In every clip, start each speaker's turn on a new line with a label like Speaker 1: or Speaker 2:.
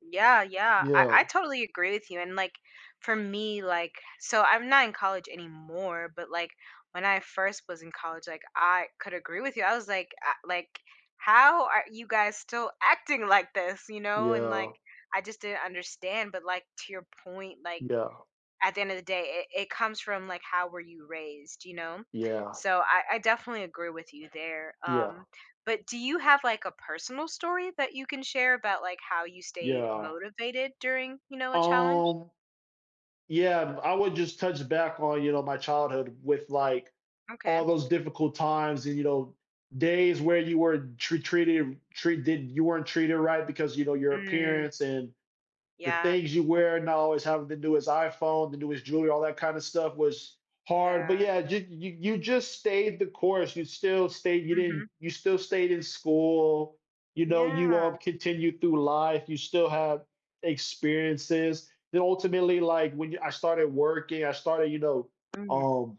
Speaker 1: Yeah, yeah, I I
Speaker 2: Yeah.
Speaker 1: totally agree with you, and, like, for me, like so, I'm not in college anymore, but, like, when I first was in college, like, I could agree with you. I was like, "I" like, "How are you guys still acting like this?" you know, and, like,
Speaker 2: Yeah.
Speaker 1: I just didn't understand, but, like, to your point, like,
Speaker 2: Yeah.
Speaker 1: at the end of the day, it it comes from, like, how were you raised, you know?
Speaker 2: Yeah.
Speaker 1: So, I I definitely agree with you there,
Speaker 2: Yeah.
Speaker 1: um, but do you have, like, a personal story that you can share about, like, how you stayed
Speaker 2: Yeah.
Speaker 1: motivated during, you know, a challenge?
Speaker 2: Um, yeah, b I would just touch back on, you know, my childhood with, like,
Speaker 1: Okay.
Speaker 2: all those difficult times and, you know, days where you were tr treated treated you weren't treated right, because, you know, your
Speaker 1: Mm.
Speaker 2: appearance, and the
Speaker 1: Yeah.
Speaker 2: things you wear, and not always having the newest iPhone, the newest jewelry, all that kind of stuff, was hard, but,
Speaker 1: Yeah.
Speaker 2: yeah, y y y you just stayed the course. You still stayed, you didn't
Speaker 1: Mhm.
Speaker 2: you still stayed in school, you know? You all
Speaker 1: Yeah.
Speaker 2: continued through life, you still have experiences, then, ultimately, like, when y I started working, I started, you know,
Speaker 1: Mm.
Speaker 2: um,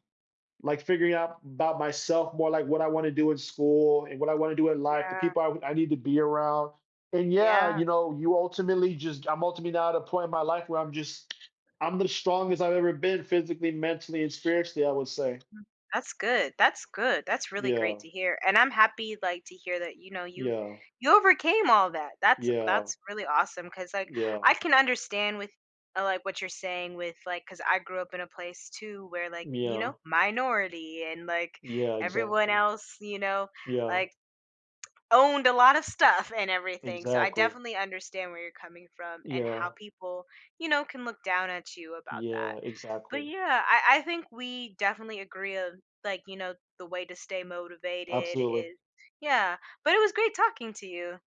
Speaker 2: like, figuring out 'bout myself more, like, what I want to do in school, and what I want to do in life, the
Speaker 1: Yeah.
Speaker 2: people I w I need to be around, and, yeah,
Speaker 1: Yeah.
Speaker 2: you know, you ultimately just I'm, ultimately, now at a point in my life where I'm just I'm the strongest I've ever been physically, mentally, and spiritually, I would say.
Speaker 1: Mm, that's good, that's good, that's really great
Speaker 2: Yeah.
Speaker 1: to hear, and I'm happy, like, to hear that, you know, you
Speaker 2: Yeah.
Speaker 1: you overcame all that. That's
Speaker 2: Yeah.
Speaker 1: that's really awesome, 'cause, like, I
Speaker 2: Yeah.
Speaker 1: can understand with, uh, like, what you're saying with, like, 'cause I grew up in a place, too, where, like, you know,
Speaker 2: Yeah.
Speaker 1: minority and, like,
Speaker 2: Yeah,
Speaker 1: everyone
Speaker 2: exactly.
Speaker 1: else, you know,
Speaker 2: Yeah.
Speaker 1: like, owned a lotta stuff and everything, so, I
Speaker 2: Exactly.
Speaker 1: definitely understand where you're coming from, and how
Speaker 2: Yeah.
Speaker 1: people, you know, can look down at you about that,
Speaker 2: Yeah,
Speaker 1: but,
Speaker 2: exactly.
Speaker 1: yeah, I I think we definitely agree of, like, you know, the way to stay motivated
Speaker 2: Absolutely.
Speaker 1: is Yeah, but, it was great talking to you.